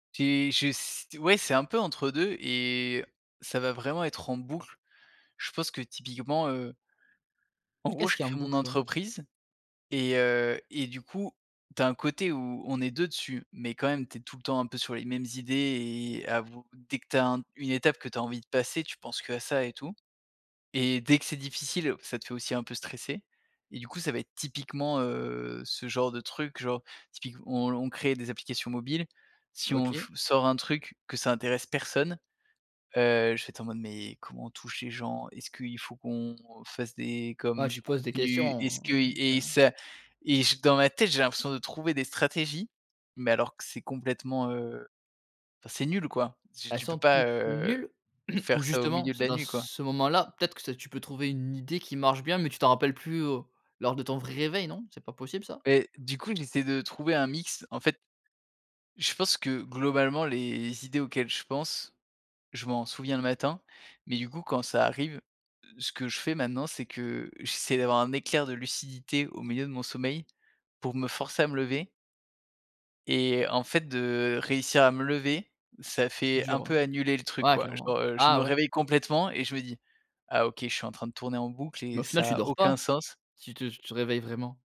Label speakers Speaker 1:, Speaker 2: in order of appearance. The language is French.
Speaker 1: J'ai je s ouais, c'est un peu entre 2 et ça va vraiment être en boucle. Je pense que, typiquement, heu en gros,
Speaker 2: Qu'est-ce
Speaker 1: je
Speaker 2: qu'il y a en
Speaker 1: crée mon
Speaker 2: boucle, ouais?
Speaker 1: entreprise et heu et du coup, tu as un côté où on est 2 dessus mais quand même, tu es tout le temps un peu sur les mêmes idées et avoue dès que tu as un une étape que tu as envie de passer, tu penses qu'à ça et tout et dès que c'est difficile, ça te fait aussi un peu stresser et du coup, ça va être typiquement, heu, ce genre de truc, genre, typique où on on crée des applications mobiles, si on
Speaker 2: OK.
Speaker 1: f sort un truc, que ça intéresse personne, heu, je vais être en mode: «Mais comment on touche les gens? Est-ce qu'il faut qu'on fasse des
Speaker 2: Ouais,
Speaker 1: comme
Speaker 2: tu
Speaker 1: du
Speaker 2: te pose des
Speaker 1: contenu?
Speaker 2: questions,
Speaker 1: Est-ce que?»
Speaker 2: ouais, c'est
Speaker 1: et
Speaker 2: vrai.
Speaker 1: ça et je dans ma tête, j'ai l'impression de trouver des stratégies mais alors que c'est complètement, heu, enfin, c'est nul, quoi, tu
Speaker 2: Elles
Speaker 1: tu peux
Speaker 2: sont
Speaker 1: pas,
Speaker 2: toutes
Speaker 1: heu,
Speaker 2: nulles ou
Speaker 1: faire ça au
Speaker 2: justement
Speaker 1: milieu de
Speaker 2: c'est
Speaker 1: la
Speaker 2: dans
Speaker 1: nuit, quoi.
Speaker 2: ce moment-là, peut-être, c'est que tu peux trouver une idée qui marche bien mais tu t'en rappelles plus, heu, lors de ton vrai réveil, non, c'est pas possible ça?
Speaker 1: Mais du coup, j'essaie de trouver un mix, en fait, je pense que globalement les idées auxquelles je pense, je m'en souviens le matin mais du coup quand ça arrive, ce que je fais, maintenant, c'est que j'essaie d'avoir un éclair de lucidité au milieu de mon sommeil pour me forcer à me lever et en fait, de réussir à me lever, ça fait
Speaker 2: Dur,
Speaker 1: un peu annuler le
Speaker 2: ouais,
Speaker 1: truc,
Speaker 2: ouais,
Speaker 1: quoi,
Speaker 2: clairement.
Speaker 1: genre, heu, je
Speaker 2: Ah
Speaker 1: me
Speaker 2: ouais!
Speaker 1: réveille complètement et je me dis: «Ah! OK, je suis en train de tourner en boucle
Speaker 2: Mais au
Speaker 1: et
Speaker 2: final,
Speaker 1: ça
Speaker 2: tu
Speaker 1: a
Speaker 2: dors
Speaker 1: aucun
Speaker 2: pas,
Speaker 1: sens».
Speaker 2: si tu tu te réveilles vraiment?